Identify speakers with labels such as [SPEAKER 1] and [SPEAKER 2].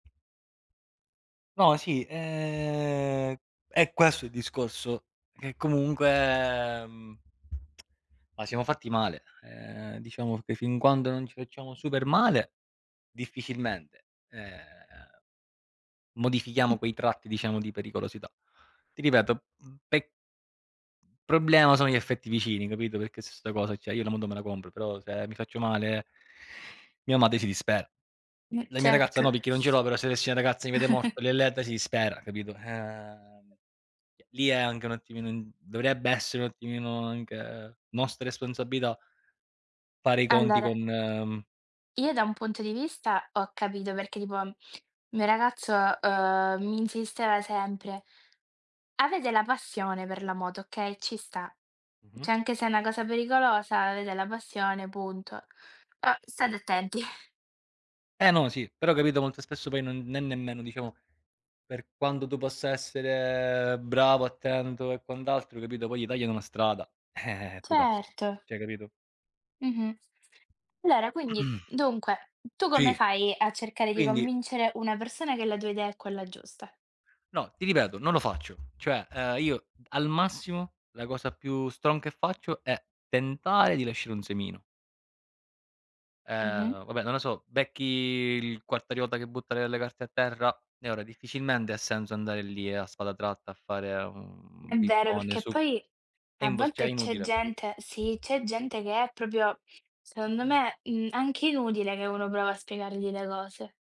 [SPEAKER 1] No, sì, ehm, è questo il discorso, che comunque, mhmm, ma siamo fatti male. Ehm, diciamo che fin quando non ci facciamo super male, difficilmente, ehm, modifichiamo quei tratti, diciamo, di pericolosità. Ti ripeto, mhmm, pe Problema sono gli affetti vicini, capito? Perché su 'sta cosa cioè, io la moto me la compro, però se mi faccio male mia madre si dispera.
[SPEAKER 2] Mh,
[SPEAKER 1] La mia ragazza
[SPEAKER 2] certo.
[SPEAKER 1] no perché non ce l'ho, però se avessi una ragazza mi vede morto, le, [unintelligible] si dispera, capito? Ehm, eh lì è anche un attimino dovrebbe essere un attimino anche nostra responsabilità. Fare i conti
[SPEAKER 2] Allora
[SPEAKER 1] con, mhmm
[SPEAKER 2] io da un punto di vista ho capito perché tipo il mio ragazzo, uhm, mi insisteva sempre. Avete la passione per la moto, okay, ci sta.
[SPEAKER 1] Mh-mh.
[SPEAKER 2] Cioè, anche se è una cosa pericolosa, avete la passione, punto. Però state attenti.
[SPEAKER 1] Eh, no, sì, però capito, molto spesso poi non ne nemmeno, diciamo, per quanto tu possa essere bravo, attento e quant'altro, capito, poi gli tagliano la strada, eh-eh, e tu caschi.
[SPEAKER 2] Certo.
[SPEAKER 1] Cioè, capito?
[SPEAKER 2] Mh-mh. Allora quindi, dunque, tu come
[SPEAKER 1] Sì.
[SPEAKER 2] fai a cercare di
[SPEAKER 1] Quindi
[SPEAKER 2] convincere una persona che la tua idea è quella giusta?
[SPEAKER 1] No, ti ripeto, non lo faccio. Cioè, ehm, io al massimo la cosa più strong che faccio è tentare di lasciare un semino.
[SPEAKER 2] Mh-mh.
[SPEAKER 1] Ehm, vabbè, non lo so, becchi il quartariota che butta le le carte a terra e ora difficilmente ha senso andare lì e a spada tratta a fare un
[SPEAKER 2] È vero,
[SPEAKER 1] pippone
[SPEAKER 2] perché
[SPEAKER 1] su
[SPEAKER 2] poi
[SPEAKER 1] è
[SPEAKER 2] a
[SPEAKER 1] impos cioè, è
[SPEAKER 2] volte c'è
[SPEAKER 1] inutile.
[SPEAKER 2] gente sì, c'è gente che è proprio secondo me, mhmm, anche inutile che uno prova a spiegargli le cose.